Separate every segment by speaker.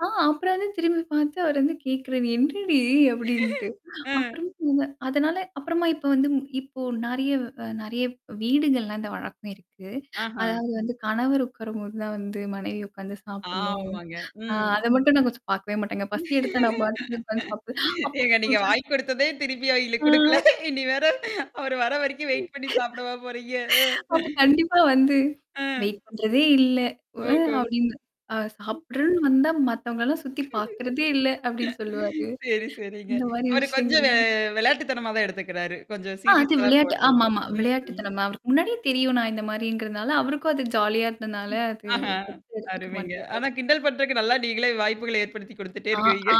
Speaker 1: அ அப்புறம் வந்து திரும்பி பாத்து, அவர் வந்து கேட்கறது "என்னடி?" அப்படின்ட்டு.
Speaker 2: ம்.
Speaker 1: அப்புறம் இவுங்க அதனால, அப்புறமா இப்ப வந்து ம் இப்போ நெறைய வ் நெறைய வீடுகள்லாம் இந்த வழக்கம் இருக்கு.
Speaker 2: ஆஹா.
Speaker 1: அதாவது வந்து கணவர் உக்காரும்போது தான் வந்து, மனைவி உக்காந்து சாப்பிடணும்.
Speaker 2: ஆமாங்க.
Speaker 1: அ,
Speaker 2: ம்.
Speaker 1: அத மட்டும் நான் கொஞ்சம் பாக்கவே மாட்டேங்க. பசி எடுத்தா நான் பாட்டுக்கு உக்காந்து சாப்ட்டு அப்ப ஒரு
Speaker 2: ஏங்க நீங்க
Speaker 1: நாளு
Speaker 2: வாங்கி குடுத்ததே, திருப்பி அவய்ங்களுக்கு குடுக்கல.
Speaker 1: ஆ.
Speaker 2: இனி வேற, அவரு வர வரைக்கும் வெயிட் பண்ணீ சாப்டவா போறீங்க, அ?
Speaker 1: "அப்ப கண்டிப்பா வந்து,
Speaker 2: ஆ.
Speaker 1: வெயிட் பண்றதே இல்ல! அ?"
Speaker 2: ஓஹோ,
Speaker 1: அப்டின்ன அ
Speaker 2: ம்.
Speaker 1: சாப்படுறதுன்னு வந்தா, "மத்தவங்கல்லாம் சுத்தி பாக்கறதே இல்ல!" அப்படின்னு சொல்லுவாரு.
Speaker 2: சரி சரிங்க.
Speaker 1: இந்த மாரி
Speaker 2: அவரு கொஞ்சம் வெ
Speaker 1: விஷயங்கள்லாம்
Speaker 2: வெளையாட்டுத்தனமா தான் எடுத்துக்கிறாரு. கொஞ்சம்
Speaker 1: ஆ அது
Speaker 2: சீரியஸாலாம்
Speaker 1: விளையாட்டு
Speaker 2: போறதில்ல.
Speaker 1: ஆமாமா.
Speaker 2: ம்ஹம்.
Speaker 1: விளையாட்டுத்தனமா. அவருக்கு முன்னாடியே தெரியும், நான் இந்த மாரிங்கிறதுனால, அவருக்கும் அது ஜாலியா இருந்தனால, அது
Speaker 2: ஆஹ
Speaker 1: தப்பா எடுத்துக்க
Speaker 2: அருமைங்க.
Speaker 1: மாட்டாரு.
Speaker 2: ஆனா, கிண்டல் பண்றதுக்கு நல்லா நீங்களே வாய்ப்புகள ஏற்படுத்தி குடுத்துட்டே
Speaker 1: ஆ
Speaker 2: இருக்குறீங்க
Speaker 1: ஆ.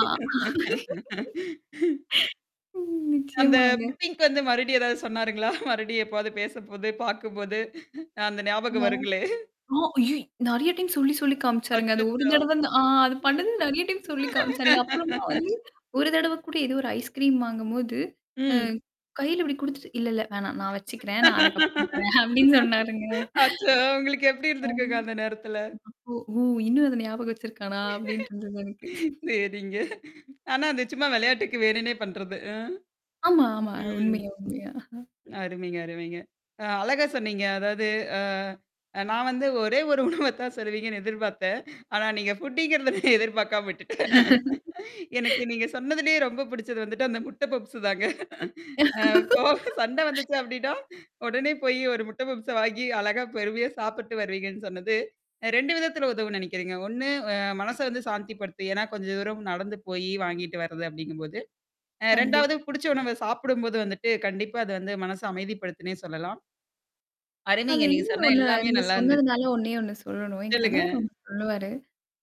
Speaker 1: ம்
Speaker 2: அந்த
Speaker 1: நிச்சயமாங்க.
Speaker 2: புட்டிங்க்கு வந்து, மறுபடியும் ஏதாவது சொன்னாருங்களா? மறுபடியும் எப்போவாது பேசம்போது! பாக்கும்போது! அ அந்த ஞாபகம்
Speaker 1: இருந்தாலும்
Speaker 2: வருங்களே!
Speaker 1: ஆ. அய்யோ! நெறையா டைம் சொல்லி சொல்லி காமிச்சாருங்க. அது ஒரு
Speaker 2: அச்சச்சோ.
Speaker 1: தடவ ந்த ஆ அது பண்ணது நெறையா டைம் சொல்லி காமிச்சாருங்க. அப்புறமா வந்து, ஒரு தடவ கூட, ஏதோ ஒரு ஐஸ்கிரீம் வாங்கும்போது
Speaker 2: ம்.
Speaker 1: ம். கையில இப்டி குடுத்துட்டு "இல்ல இல்ல வேணாம். நான் வச்சுக்கிறேன். நான் அதுக்கப்புறம் தரேன்" அப்டின்னு சொன்னாருங்க.
Speaker 2: அச்சோ! உங்களுக்கு எப்படி
Speaker 1: ம்.
Speaker 2: இருந்திருக்குங்க அந்த நேரத்தல?
Speaker 1: "அப்போ! ஓ! இன்னும் அத ஞாபகம் வச்சிருக்கானா?" அப்டின்ட்டு இருந்தது எனக்கு.
Speaker 2: சரிங்க. ஆனா, அது சும்மா விளையாட்டுக்கு வேணுன்னே பண்றது! அ?
Speaker 1: ஆமா ஆமா.
Speaker 2: ம்.
Speaker 1: உண்மையா உண்மையா.
Speaker 2: அருமைங்க அருமைங்க. அ அழகா சொன்னீங்க. அதாவது ஆ. நான் வந்து ஒரே ஒரு உணவ தான் சொல்லுவீங்கன்னு எதிர்பாத்தேன். ஆனா நீங்க ஃபுட்டிங்கிறத நான் எதிர்பாக்காம விட்டுட்டேன். எனக்கு நீங்க சொன்னதுலயே ரொம்ப புடிச்சது வந்துட்டு, அந்த முட்டை பப்ஸு தாங்க. அ இப்போ, சண்டை வந்துச்சு அப்டின்னா, உடனே போய் ஒரு முட்டை பப்ஸ வாங்கி அழகா பொறுமையா சாப்பிட்டு வருவீங்கன்னு சொன்னது. அ 2 விதத்தில உதவும்ன்னு நெனைக்கிறேங்க. ஒண்ணுஅ மனச வந்து சாந்திப்படுத்தும். ஏன்னா கொஞ்ச தூரம் நடந்து போயி வாங்கிட்டு வர்றது அப்படிங்கும்போது. அ 2
Speaker 1: கண்டிப்பா.
Speaker 2: புடிச்ச உணவ சாப்பிடும்போது வந்துட்டு, கண்டிப்பா அது வந்து மனச அமைதிப்படுத்தத்துன்னே சொல்லலாம்.
Speaker 1: அதுல
Speaker 2: அருமைங்க. நீங்க
Speaker 1: இன்னொண்ணு
Speaker 2: சொன்ன
Speaker 1: ஒண்ணு,
Speaker 2: எல்லாமே
Speaker 1: நீங்க
Speaker 2: நல்லா இருந்துச்சு.
Speaker 1: சொன்னதுனால ஒண்ணே ஒண்ணு சொல்லணும். என்
Speaker 2: சொல்லுங்க.
Speaker 1: கணவர் ஒண்ணு சொல்லுவாரு.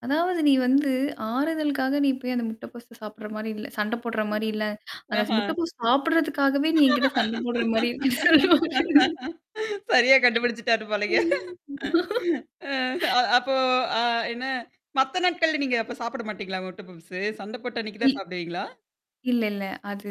Speaker 1: அதாவது "நீ வந்து, ஆறுதலுக்காக நீ போய் அந்த முட்டை பப்ஸ் சாப்பிடுற மாரி இல்ல! சண்டை போடுற
Speaker 2: ம்
Speaker 1: மாரி இல்ல! அந்த ச
Speaker 2: ஆஹா.
Speaker 1: முட்டைப்பப்ஸ் சாப்படுறதுக்காகவே நீ என்கிட்ட சண்ட போடுற மாரி இரு"
Speaker 2: சரியா கண்டுபிடிச்சுட்டாரு போலங்க!
Speaker 1: ம்.
Speaker 2: அ அ அப்போ அ என்னா? மத்த நாட்கள்ல நீங்க அப்ப சாப்பிட மாட்டீங்களா? முட்ட பப்ஸ்ஸு? சண்ட போட்ட அன்னைக்கு தான்
Speaker 1: இல்
Speaker 2: சாப்பிடுவீங்களா?
Speaker 1: இல்ல இல்ல. அது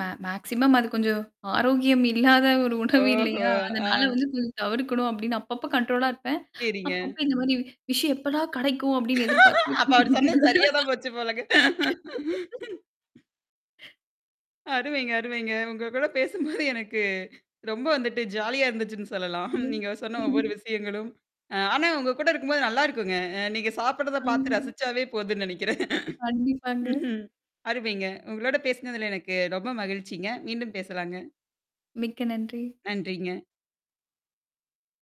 Speaker 1: மே மேக்ஸிமம் அது கொஞ்சம் ஆரோக்கியம் இல்லாத ஒரு உணவு
Speaker 2: ஓஹோ!
Speaker 1: இல்லையா? அதனால
Speaker 2: ஆ.
Speaker 1: வந்து கொஞ்சம் தவிர்க்கணும், அப்டின்னு அப்பப்போ, கண்ட்ரோலா இருப்பேன்.
Speaker 2: சரிங்க.
Speaker 1: அப்பப்ப, "இந்த மாரி விஷயம் எப்படா கெடைக்கும்?" அப்படின்னு எதிர்பாத்து
Speaker 2: அப்ப அவரு சொன்னது சரியா தான் போச்சு போலங்க! அருமைங்க அருமைங்க. உங்க கூட பேசும்போது எனக்கு, ரொம்ப வந்துட்டு ஜாலியா இருந்துச்சுன்னு சொல்லலாம்.
Speaker 1: ம்.
Speaker 2: நீங்க சொன்ன ஒவ்வொரு விஷயங்களும். அ ஆனா, உங்க கூட இருக்கும்போது நல்லாருக்குங்க. அ நீங்க சாப்படுறத பாத்து
Speaker 1: ஆமா.
Speaker 2: ரசிச்சாவே போதுன்னு நெனைக்கிறேன்.
Speaker 1: கண்டிப்பாங்க.
Speaker 2: ம்ஹ்ம். அருமைங்க. உங்களோட பேசினதுல எனக்கு ரொம்ப மகிழ்ச்சிங்க. மீண்டும் பேசலாங்க.
Speaker 1: மிக்க நன்றி.
Speaker 2: நன்றிங்க.